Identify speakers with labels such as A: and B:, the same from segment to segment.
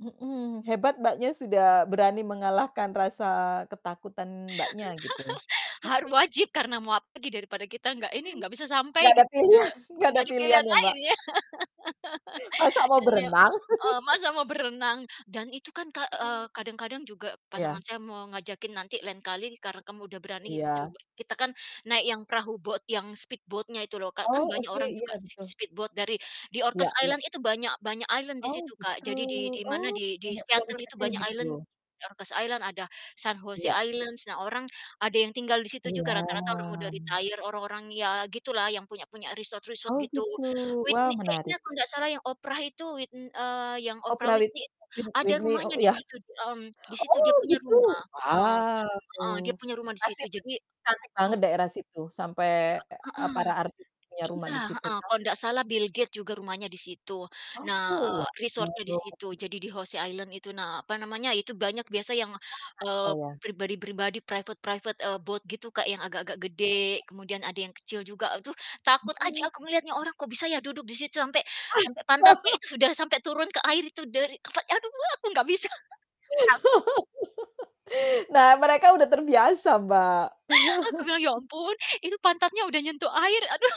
A: Mhm, hebat Mbaknya sudah berani mengalahkan rasa ketakutan Mbaknya gitu.
B: Har wajib karena mau apa lagi daripada kita gak ini, gak bisa sampai
A: Nggak ada
B: gitu, udah
A: pilihan nggak
B: gak
A: ada
B: ada
A: pilihan
B: pilihan
A: ya,
B: lain
A: Mbak?
B: ya,
A: Masa mau
B: Dan, ya,
A: berenang.
B: eee, masak mau berenang. Dan itu kan, Kak, eee,
A: [unintelligible]
B: kadang-kadang juga pasangan
A: Iya.
B: saya mau ngajakin, "Nanti lain kali karena kamu udah berani
A: Iya.
B: coba" kita kan naik yang perahu boat, yang speed boat-nya itu loh, Kak, kan
A: Oh,
B: banyak
A: oke,
B: orang
A: iya,
B: juga si
A: gitu.
B: si speed boat dari di
A: Iya
B: Orcas
A: iya.
B: Island itu banyak banyak island di
A: Oh,
B: situ, Kak,
A: gitu,
B: jadi di
A: oh,
B: dimana, di di
A: banyak pulau
B: Seattle itu
A: kecil-kecil
B: banyak island,
A: gitu?
B: Orcas Island, ada San José
A: Iya.
B: Island, nah, orang ada yang tinggal di situ juga rata-rata orang udah
A: Iya.
B: retire orang-orang ya gitu lah, yang punya punya resort-resort
A: Oh,
B: gitu.
A: gitu, wah,
B: Whitney
A: menarik.
B: kayaknya kalau nggak salah yang Oprah itu wit n eee, yang Oprah
A: Oprah wit
B: Whitney itu
A: wit
B: ada
A: Whitney,
B: rumahnya
A: oh,
B: di
A: iya.
B: situ, mmm, di situ
A: Oh,
B: dia punya
A: gitu,
B: rumah, heeh
A: wow,
B: heeh, dia punya rumah di
A: pasti
B: situ,
A: itu
B: jadi
A: cantik
B: hmm.
A: banget daerah situ, sampai
B: Enggak
A: e
B: heeh.
A: para artis punya rumah
B: Iya,
A: di situ
B: heeh,
A: ya.
B: kalau ndak salah Bill Gates juga rumahnya di situ. Nah,
A: Oh.
B: eee, resort-nya di situ,
A: [unintelligible]
B: jadi di José Island itu, nah, apa namanya, itu banyak biasa yang,
A: [unintelligible]
B: eee,
A: Saya.
B: pribadi-pribadi, private-private, eee, boat gitu, Kak, yang agak-agak
A: Iya iya.
B: gede, kemudian ada yang kecil juga, aduh,
A: Mhm
B: takut aja aku
A: mhm.
B: ngelihatnya, orang kok bisa ya duduk di situ, sampai sampai
A: Ah.
B: pantatnya itu udah sampai turun ke air itu dari apa, aduh, aku gak bisa. Taw
A: Nah, mereka udah terbiasa, Mbak.
B: Aku bilang, "Ya ampun, itu pantatnya udah nyentuh air." Aduh,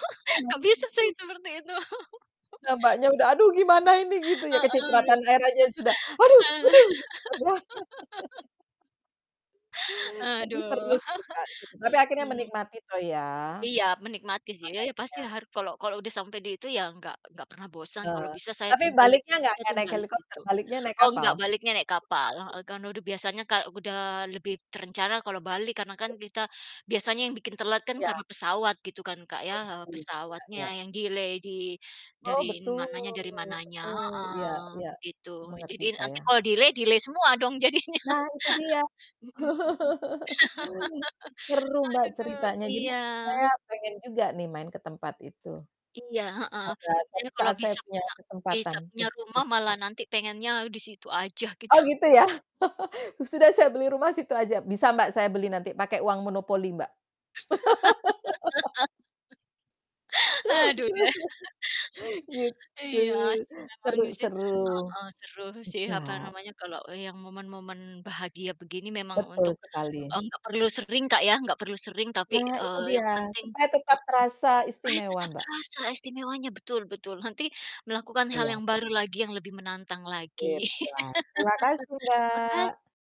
B: gak bisa saya
A: [unintelligible]
B: seperti itu.
A: Nah, Mbaknya, udah, "Aduh, gimana ini?" Gitu ya,
B: Heeh, aduh.
A: kecipratan air aja ya sudah, "Aduh aduh." Gitu kan ya? Tapi
B: Aduh,
A: seru sih, Mbak, tapi akhirnya
B: mhm.
A: menikmati toh ya.
B: Iya, menikmati sih, ya ya, pasti
A: [unintelligible]
B: har kalau kalau udah sampai di itu ya gak gak pernah bosan,
A: Eh,
B: kalau bisa saya
A: tapi
B: tinggal di
A: baliknya
B: situ,
A: gak
B: saya
A: gak naik
B: tinggal di
A: helikopter
B: situ.
A: baliknya naik
B: Oh,
A: kapal?
B: nggak, baliknya naik kapal heeh, karena udah biasanya kal udah lebih terencana kalau balik karena kan kita biasanya yang bikin telat kan
A: Iya.
B: karena pesawat gitu kan, Kak, ya,
A: Oh,
B: eee,
A: gitu, ya? Iya
B: pesawatnya
A: iya.
B: yang delay di
A: Oh,
B: dari
A: betul
B: mananya dari mananya,
A: betul, iya
B: heeh,
A: iya,
B: gitu.
A: mengerti
B: Jadi nanti
A: saya.
B: kalo delay, delay semua dong jadinya,
A: Nah, itu dia.
B: mhm,
A: Seru, Mbak,
B: aduh,
A: ceritanya, jadi,
B: iya.
A: saya pengen juga nih main ke tempat itu.
B: Iya, heeh,
A: Semoga
B: ya
A: suatu
B: kalau
A: saat saya
B: bisa
A: punya
B: punya
A: kesempatan
B: bisa
A: ke
B: punya
A: situ.
B: rumah malah nanti pengennya disitu aja gitu.
A: Oh, gitu ya? Sudah saya beli rumah situ aja. Bisa, Mbak, saya beli nanti pakai uang monopoli, Mbak.
B: Aduh, deh.
A: Gitu.
B: Iya, asik memang
A: Seru
B: sih,
A: seru.
B: heeh, seru sih,
A: Iya.
B: apa namanya, kalau yang momen-momen bahagia begini memang
A: Betul
B: untuk
A: sekali.
B: eee, gak perlu sering, Kak, ya, gak perlu sering tapi,
A: Nah, itu
B: eee, yang
A: dia,
B: penting
A: supaya tetap
B: heeh,
A: terasa
B: supaya
A: istimewa,
B: tetap
A: Mbak.
B: terasa istimewanya, betul betul, nanti melakukan hal
A: Iya.
B: yang baru lagi yang lebih menantang
A: Sip
B: lagi
A: lah, terima kasih,
B: maka
A: Mbak.